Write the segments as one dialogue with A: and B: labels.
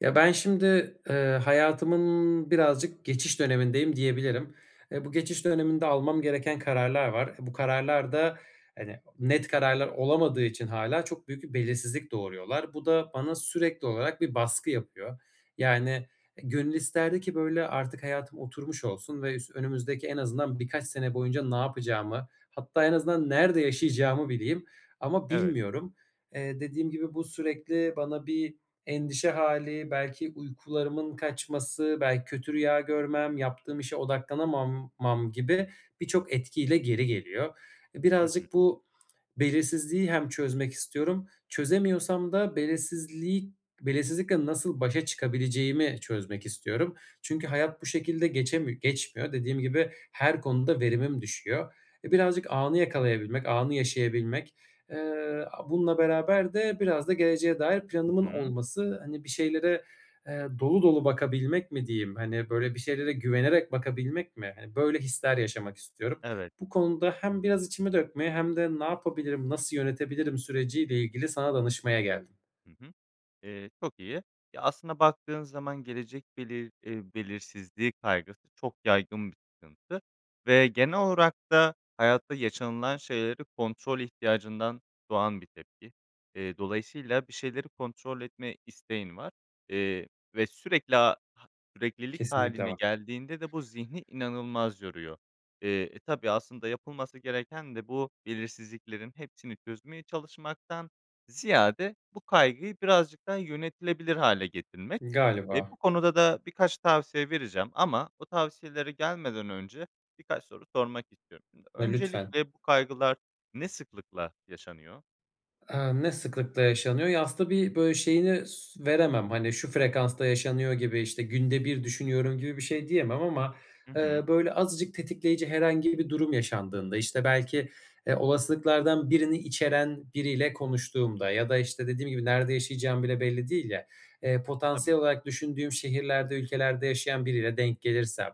A: Ya, ben şimdi, eee, hayatımın birazcık geçiş dönemindeyim diyebilirim. Eee, bu geçiş döneminde almam gereken kararlar var. Eee, bu kararlar da, hani, net kararlar olamadığı için hâlâ çok büyük bir belirsizlik doğuruyorlar. Bu da bana sürekli olarak bir baskı yapıyor. Yani, eee, gönül isterdi ki, böyle, artık hayatım oturmuş olsun ve üs önümüzdeki en azından birkaç sene boyunca ne yapacağımı hatta en azından nerede yaşayacağımı bileyim ama
B: Evet.
A: bilmiyorum. Eee, dediğim gibi bu sürekli bana bir endişe hâli, belki uykularımın kaçması, belki kötü rüya görmem, yaptığım işe odaklanamam mam gibi birçok etki ile geri geliyor. Eee,
B: Hı hı.
A: birazcık bu belirsizliği hem çözmek istiyorum. Çözemiyorsam da belirsizliği belirsizlikle nasıl başa çıkabileceğimi çözmek istiyorum. Çünkü hayat bu şekilde geçemi geçmiyor. Dediğim gibi her konuda verimim düşüyor. Eee, birazcık anı yakalayabilmek, anı yaşayabilmek. Eee, aaa, bununla beraber de biraz da geleceğe dair
B: Hı
A: planımın
B: hı.
A: olması, hani, bir şeylere, eee, dolu dolu bakabilmek mi diyeyim? Hani, böyle, bir şeylere güvenerek bakabilmek mi? Hani, böyle, hisler yaşamak istiyorum.
B: Evet.
A: Bu konuda hem biraz içimi dökmeye hem de ne yapabilirim, nasıl yönetebilirim süreci ile ilgili sana danışmaya geldim.
B: Hı hı. Eee, çok iyi. Ya, aslında baktığın zaman gelecek belir eee, belirsizliği kaygısı çok yaygın bir sıkıntı ve genel olarak da hayatta yaşanılan şeyleri kontrol ihtiyacından doğan bir tepki. Eee, dolayısıyla bir şeyleri kontrol etme isteğin var, eee, ve sürekli, aaa, ha süreklilik
A: Kesinlikle
B: hâline
A: var.
B: geldiğinde de bu zihni inanılmaz yoruyor. Eee, eee, tabii aslında yapılması gereken de bu belirsizliklerin hepsini çözmeye çalışmaktan ziyade bu kaygıyı birazcık daha yönetilebilir hâle getirmek. Eee,
A: Galiba.
B: bu konuda da birkaç tavsiye vereceğim ama bu tavsiyelere gelmeden önce birkaç soru sormak istiyorum şimdi.
A: Eee, lütfen.
B: Öncelikle bu kaygılar ne sıklıkla yaşanıyor?
A: Iıı, ne sıklıkla yaşanıyor? Ya, aslında tabii, böyle, şeyini s veremem, hani, şu frekansta yaşanıyor gibi, işte, günde bir düşünüyorum gibi bir şey diyemem ama,
B: Hı
A: eee,
B: hı.
A: böyle, azıcık tetikleyici herhangi bir durum yaşandığında, belki, eee, olasılıklardan birini içeren biriyle konuştuğumda ya da işte dediğim gibi nerede yaşayacağım bile belli değil ya, eee,
B: Tabii.
A: potansiyel olarak düşündüğüm şehirlerde, ülkelerde yaşayan biriyle denk gelirsem,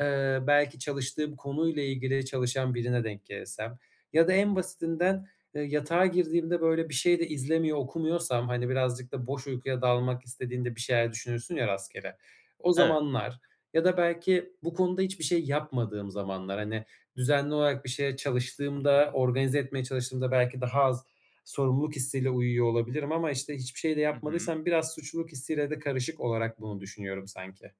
A: ııı, belki çalıştığım konuyla ilgili çalışan birine denk gelirsem ya da en basitinden, ııı, yatağa girdiğimde böyle bir şey de izlemiyor, okumuyorsam, hani, birazcık da boş uykuya dalmak istediğinde bir şeyler düşünürsün ya rastgele, o
B: Evet.
A: zamanlar ya da belki bu konuda hiçbir şey yapmadığım zamanlar, hani, düzenli olarak bir şeye çalıştığımda, organize etmeye çalıştığımda belki daha az sorumluluk hissiyle uyuyor olabilirim ama, işte, hiçbir şey de
B: Hı hı.
A: yapmadıysam biraz suçluluk hissiyle de karışık olarak bunu düşünüyorum sanki.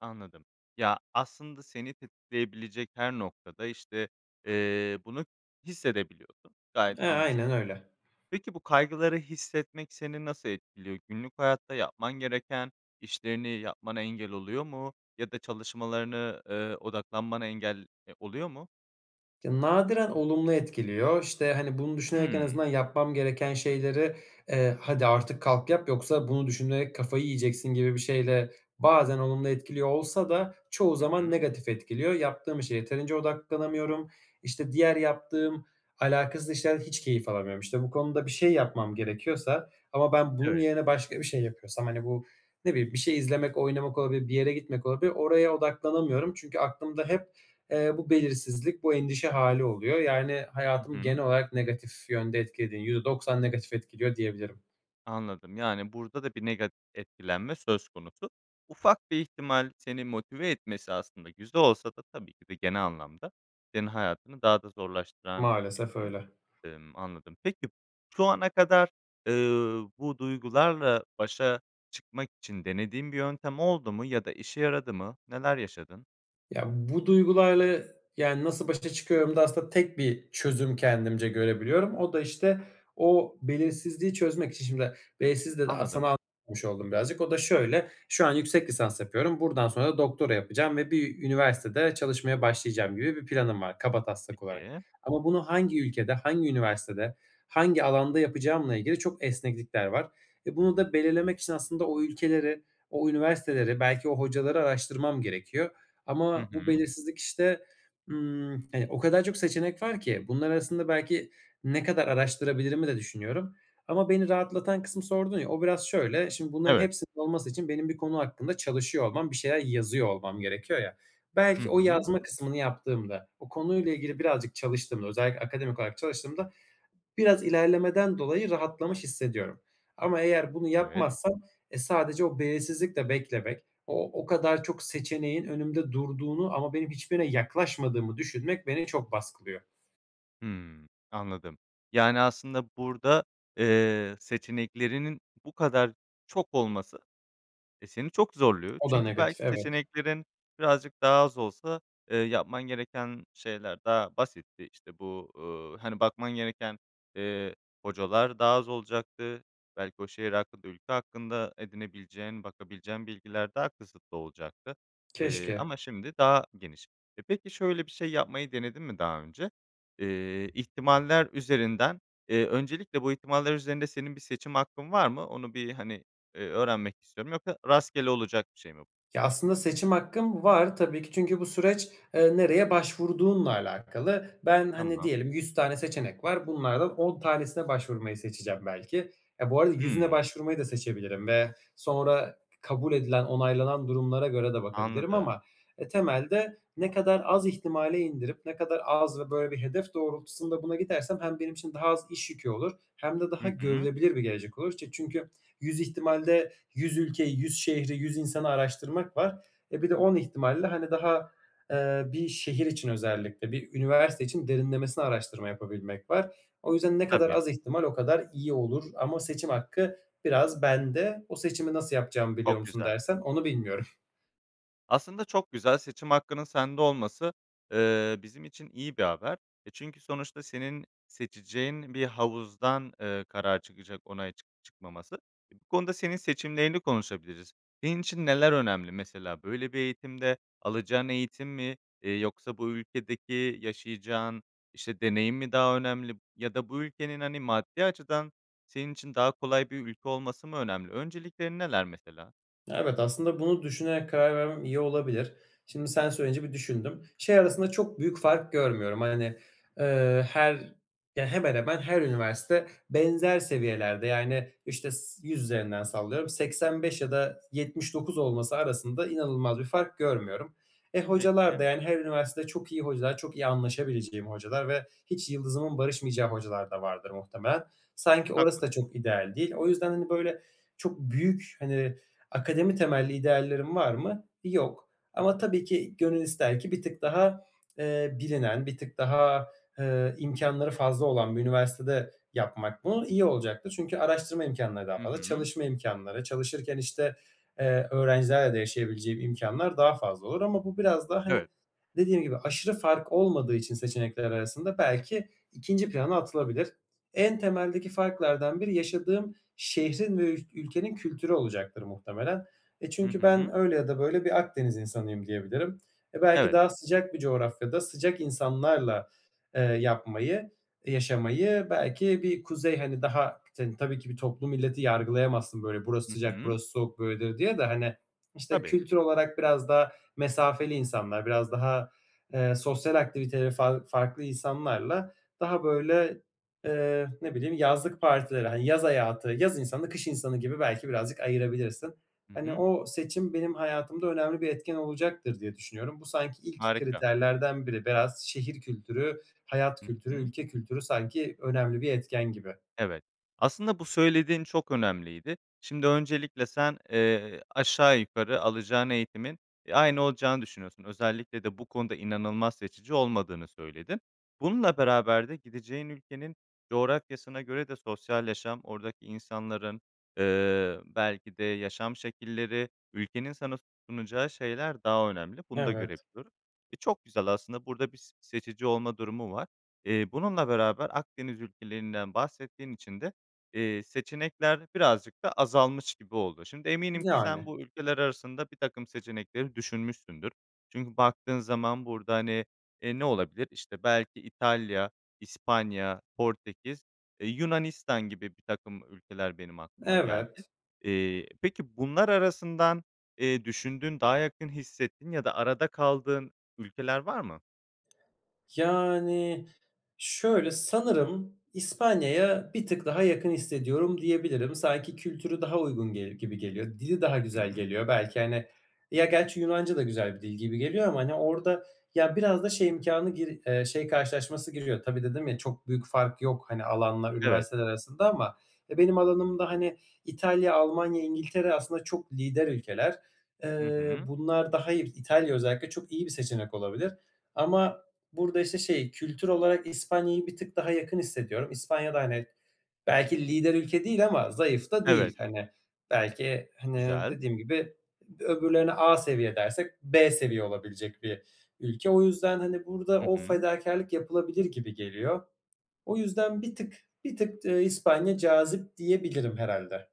B: Anladım. Ya, aslında seni tetikleyebilecek her noktada, işte, ııı, bunu hissedebiliyordun, gayet
A: Eee, aynen
B: anlaşılabilir.
A: öyle.
B: Peki, bu kaygıları hissetmek seni nasıl etkiliyor, günlük hayatta yapman gereken işlerini yapmana engel oluyor mu ya da çalışmalarını, ııı, odaklanmana engel, eee, oluyor mu?
A: Ya, nadiren olumlu etkiliyor. İşte, hani, bunu düşünerek en
B: Hımm.
A: azından yapmam gereken şeyleri, eee, "Hadi artık kalk, yap, yoksa bunu düşünerek kafayı yiyeceksin." gibi bir şeyle bazen olumlu etkiliyor olsa da çoğu
B: Hı
A: zaman
B: hı.
A: negatif etkiliyor. Yaptığım işe yeterince odaklanamıyorum. İşte, diğer yaptığım alakasız işlerde hiç keyif alamıyorum. İşte, bu konuda bir şey yapmam gerekiyorsa ama ben bunun
B: Evet.
A: yerine başka bir şey yapıyorsam, hani, bu ne bileyim, bir şey izlemek, oynamak olabilir, bir yere gitmek olabilir, oraya odaklanamıyorum. Çünkü aklımda hep, eee, bu belirsizlik, bu endişe hâli oluyor. Yani,
B: Hı
A: hayatımı genel
B: hı.
A: olarak negatif yönde etkilediği %90 negatif etkiliyor diyebilirim.
B: Anladım yani burada da bir negat etkilenme söz konusu. Ufak bir ihtimal seni motive etmesi aslında güzel olsa da tabii ki de genel anlamda senin hayatını daha da zorlaştıran bir
A: Maalesef
B: durum.
A: öyle.
B: Imm, anladım. Peki şu ana kadar, eee, bu duygularla başa çıkmak için denediğin bir yöntem oldu mu ya da işe yaradı mı? Neler yaşadın?
A: Ya, bu duygularla, yani, nasıl başa çıkıyorum da aslında tek bir çözüm kendimce görebiliyorum. O da, işte, o belirsizliği çözmek için şimdi belirsiz de, aaa,
B: Anladım.
A: sana [unintelligible] oldum birazcık. O da şöyle: Şu an yüksek lisans yapıyorum, buradan sonra doktora yapacağım ve bir üniversitede çalışmaya başlayacağım gibi bir planım var kabataslak olarak
B: Peki.
A: ama bunu hangi ülkede, hangi üniversitede, hangi alanda yapacağımla ilgili çok esneklikler var. Eee, bunu da belirlemek için aslında o ülkeleri, o üniversiteleri, belki o hocaları araştırmam gerekiyor
B: Hı
A: ama bu
B: hı.
A: belirsizlik, işte, ımm, hani, o kadar çok seçenek var ki. Bunlar arasında belki ne kadar araştırabilirimi de düşünüyorum ama beni rahatlatan kısmı sordun ya, o biraz şöyle: Şimdi bunların
B: Evet.
A: hepsinin olması için benim bir konu hakkında çalışıyor olmam, bir şeyler yazıyor olmam gerekiyor ya,
B: Hı
A: belki o
B: hı.
A: yazma kısmını yaptığımda, o konuyla ilgili birazcık çalıştığımda, özellikle akademik olarak çalıştığımda biraz ilerlemeden dolayı rahatlamış hissediyorum ama eğer bunu
B: Evet.
A: yapmazsam, eee, sadece o belirsizlikle beklemek, o o kadar çok seçeneğin önümde durduğunu ama benim hiçbirine yaklaşmadığımı düşünmek beni çok baskılıyor.
B: Hımm. Anladım. Yani, aslında burada, eee, seçeneklerinin bu kadar çok olması, eee, seni çok zorluyor
A: O da
B: çünkü
A: negatif,
B: belki
A: evet.
B: seçeneklerin birazcık daha az olsa, eee, yapman gereken şeyler daha basitti. İşte, bu, uuu, hani, bakman gereken, eee, hocalar daha az olacaktı. Belki o şehir hakkında, ülke hakkında edinebileceğin, bakabileceğin bilgiler daha kısıtlı olacaktı, eee,
A: Keşke.
B: ama şimdi daha geniş. E, peki, şöyle bir şey yapmayı denedin mi daha önce? Eee, ihtimaller üzerinden, eee, öncelikle bu ihtimaller üzerinde senin bir seçim hakkın var mı? Onu bir, hani, eee, öğrenmek istiyorum. Yoksa rastgele olacak bir şey mi bu?
A: Ya, aslında seçim hakkım var tabii ki. Çünkü bu süreç, eee, nereye başvurduğunla alakalı. Ben, hani,
B: Tamam.
A: diyelim, 100 tane seçenek var. Bunlardan 10 tanesine başvurmayı seçeceğim belki. Eee, bu arada 100'üne
B: Hımm.
A: başvurmayı da seçebilirim ve sonra kabul edilen, onaylanan durumlara göre de bakabilirim
B: Anladım.
A: ama, eee, temelde ne kadar az ihtimale indirip ne kadar az ve böyle bir hedef doğrultusunda buna gidersem hem benim için daha az iş yükü olur hem de daha
B: Hı hı.
A: görülebilir bir gelecek olur. İşte, çünkü 100 ihtimalde 100 ülkeyi, 100 şehri, 100 insanı araştırmak var. E, bir de 10 ihtimalle, hani, daha, eee, bir şehir için özellikle, bir üniversite için derinlemesine araştırma yapabilmek var. O yüzden ne kadar
B: Tabii.
A: az ihtimal, o kadar iyi olur ama seçim hakkı biraz bende. O seçimi nasıl yapacağımı biliyor
B: Çok
A: musun
B: güzel.
A: dersen, onu bilmiyorum.
B: Aslında çok güzel, seçim hakkının sende olması, eee, bizim için iyi bir haber; e, çünkü sonuçta senin seçeceğin bir havuzdan, eee, karar çıkacak, onay çık çıkmaması. İii, bu konuda senin seçimlerini konuşabiliriz. Senin için neler önemli mesela, böyle bir eğitimde; alacağın eğitim mi, eee, yoksa bu ülkedeki yaşayacağın işte deneyim mi daha önemli ya da bu ülkenin, hani, maddi açıdan senin için daha kolay bir ülke olması mı önemli? Önceliklerin neler mesela?
A: Evet, aslında bunu düşünerek karar vermem iyi olabilir. Şimdi sen söyleyince bir düşündüm. Şey arasında çok büyük fark görmüyorum. Hani, ııı, her ya, hemen hemen her üniversite benzer seviyelerde, yani işte s yüz üzerinden sallıyorum, 85 ya da 79 olması arasında inanılmaz bir fark görmüyorum. E, hocalar
B: Peki.
A: da, yani, her üniversitede çok iyi hocalar, çok iyi anlaşabileceğim hocalar ve hiç yıldızımın barışmayacağı hocalar da vardır muhtemelen. Sanki orası da
B: Haklısın.
A: çok ideal değil. O yüzden böyle çok büyük, hani akademi temelli ideallerim var mı? Yok ama tabii ki gönül ister ki bir tık daha, eee, bilinen, bir tık daha, eee, imkânları fazla olan bir üniversitede yapmak. Bu iyi olacaktır. Çünkü araştırma imkânları daha
B: Hı
A: fazla.
B: hı.
A: Çalışma imkânları, çalışırken işte, eee, öğrencilerle de yaşayabileceğim imkânlar daha fazla olur ama bu biraz daha, hani,
B: Evet.
A: dediğim gibi aşırı fark olmadığı için seçenekler arasında belki ikinci plana atılabilir. En temeldeki farklardan biri yaşadığım şehrin ve ül ülkenin kültürü olacaktır muhtemelen. E,
B: Hı
A: çünkü
B: hı.
A: ben öyle ya da böyle bir Akdeniz insanıyım diyebilirim. E, belki
B: Evet.
A: daha sıcak bir coğrafyada, sıcak insanlarla, eee, yapmayı, yaşamayı, belki bir kuzey, hani, daha k tabii ki bir toplu milleti yargılayamazsın, burası
B: Hı
A: sıcak,
B: hı.
A: burası soğuk böyledir diye de, hani, işte
B: Tabii.
A: kültür olarak biraz daha mesafeli insanlar, biraz daha, eee, sosyal aktiviteleri far farklı insanlarla, daha böyle, eee, ne bileyim, yazlık partileri, ha yaz hayatı, yaz insanı, kış insanı gibi belki birazcık ayırabilirsin.
B: Hı
A: Hani,
B: hı.
A: o seçim benim hayatımda önemli bir etken olacaktır diye düşünüyorum. Bu sanki ilk
B: Harika.
A: kriterlerden biri. Biraz şehir kültürü, hayat
B: Hı
A: kültürü,
B: hı.
A: ülke kültürü sanki önemli bir etken gibi.
B: Evet. Aslında bu söylediğin çok önemliydi. Şimdi öncelikle sen, eee, aşağı yukarı alacağın eğitimin, e, aynı olacağını düşünüyorsun. Özellikle de bu konuda inanılmaz seçici olmadığını söyledin. Bununla beraber de gideceğin ülkenin coğrafyasına göre de sosyal yaşam, oradaki insanların, ııı, belki de yaşam şekilleri, ülkenin sana sunacağı şeyler daha önemli; bunu da
A: Evet.
B: görebiliyorum. E, çok güzel aslında, burada bir s seçici olma durumu var. Eee, bununla beraber Akdeniz ülkelerinden bahsettiğin için de, eee, seçenekler birazcık da azalmış gibi oldu. Şimdi eminim ki sen
A: Yani.
B: bu ülkeler arasında bir takım seçenekleri düşünmüşsündür. Çünkü baktığın zaman burada, hani, eee, ne olabilir? İşte belki İtalya, İspanya, Portekiz, e, Yunanistan gibi birtakım ülkeler benim aklıma geldi.
A: Evet.
B: Eee, peki bunlar arasından, eee, düşündüğün, daha yakın hissettiğin ya da arada kaldığın ülkeler var mı?
A: Yani, şöyle, sanırım İspanya'ya bir tık daha yakın hissediyorum diyebilirim. Sanki kültürü daha uygun gelir gibi geliyor. Dili daha
B: Hı
A: güzel
B: hı.
A: geliyor. Belki, hani, ya gerçi Yunanca da güzel bir dil gibi geliyor ama, hani, orada, ya, biraz da şey imkânı gir şey karşılaşması giriyor. Tabii dedim ya, çok büyük fark yok, hani, alanla
B: Evet.
A: üniversiteler arasında ama, e, benim alanımda, hani, İtalya, Almanya, İngiltere aslında çok lider ülkeler.
B: Hı
A: Iıı,
B: hı.
A: bunlar da hayır, İtalya özellikle çok iyi bir seçenek olabilir ama burada işte şey, kültür olarak İspanya'yı bir tık daha yakın hissediyorum. İspanya da, hani, belki lider ülke değil ama zayıf da
B: Evet.
A: değil. Hani, belki, hani,
B: Güzel.
A: dediğim gibi öbürlerine A seviye dersek B seviye olabilecek bir ülke. O yüzden, hani, burada
B: Hı
A: o
B: hı.
A: fedakârlık yapılabilir gibi geliyor. O yüzden bir tık bir tık, ııı, İspanya cazip diyebilirim herhâlde.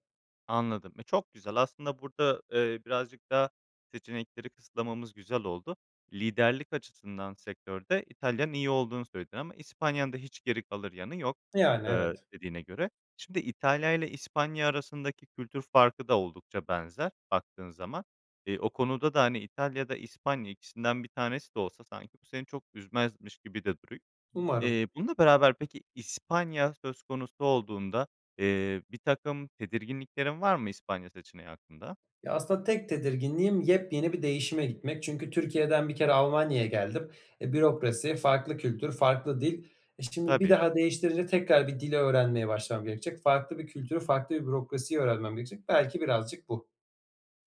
B: Anladım, e, çok güzel aslında burada, eee, birazcık daha seçenekleri kısıtlamamız güzel oldu. Liderlik açısından sektörde İtalya'nın iyi olduğunu söyledin ama İspanya'nın da hiç geri kalır yanı yok,
A: Yani,
B: ııı,
A: evet.
B: dediğine göre. Şimdi İtalya'yla İspanya arasındaki kültür farkı da oldukça benzer, baktığın zaman. Eee, o konuda da İtalya ya da İspanya, ikisinden bir tanesi de olsa, sanki bu seni çok üzmezmiş gibi de duruyor.
A: Umarım.
B: Eee, bununla beraber peki İspanya söz konusu olduğunda, eee, birtakım tedirginliklerin var mı, İspanya seçeneği hakkında?
A: Ya, aslında tek tedirginliğim yepyeni bir değişime gitmek; çünkü Türkiye'den bir kere Almanya'ya geldim. E, bürokrasi, farklı kültür, farklı dil. E, şimdi bir
B: Tabii.
A: daha değiştirince tekrar bir dil öğrenmeye başlamam gerekecek. Farklı bir kültürü, farklı bir bürokrasiyi öğrenmem gerekecek. Belki birazcık bu.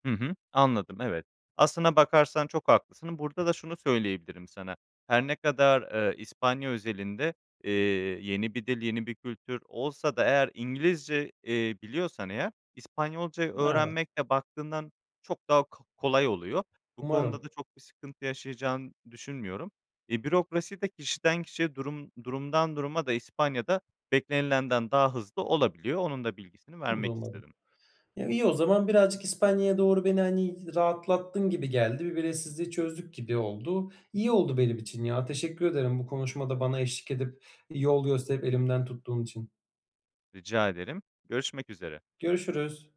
B: Hı hı, anladım, evet. Aslına bakarsan çok haklısın. Burada da şunu söyleyebilirim sana; her ne kadar, eee, İspanya özelinde, eee, yeni bir dil, yeni bir kültür olsa da eğer İngilizce, eee, biliyorsan eğer, İspanyolca' yı
A: N evet.
B: öğrenmekle baktığından çok daha ko kolay oluyor. Bu
A: Umarım.
B: konuda da çok bir sıkıntı yaşayacağını düşünmüyorum. E, bürokrasi de kişiden kişiye, durum durumdan duruma da İspanya'da beklenilenden daha hızlı olabiliyor. Onun da bilgisini
A: Bunu da
B: vermek
A: umarım.
B: istedim.
A: Ya, iyi o zaman. Birazcık İspanya'ya doğru beni, hani, rahatlattın gibi geldi. Bir belirsizliği çözdük gibi oldu. İyi oldu benim için ya. Teşekkür ederim, bu konuşmada bana eşlik edip, iii, yol gösterip elimden tuttuğum için.
B: Rica ederim, görüşmek üzere.
A: Görüşürüz.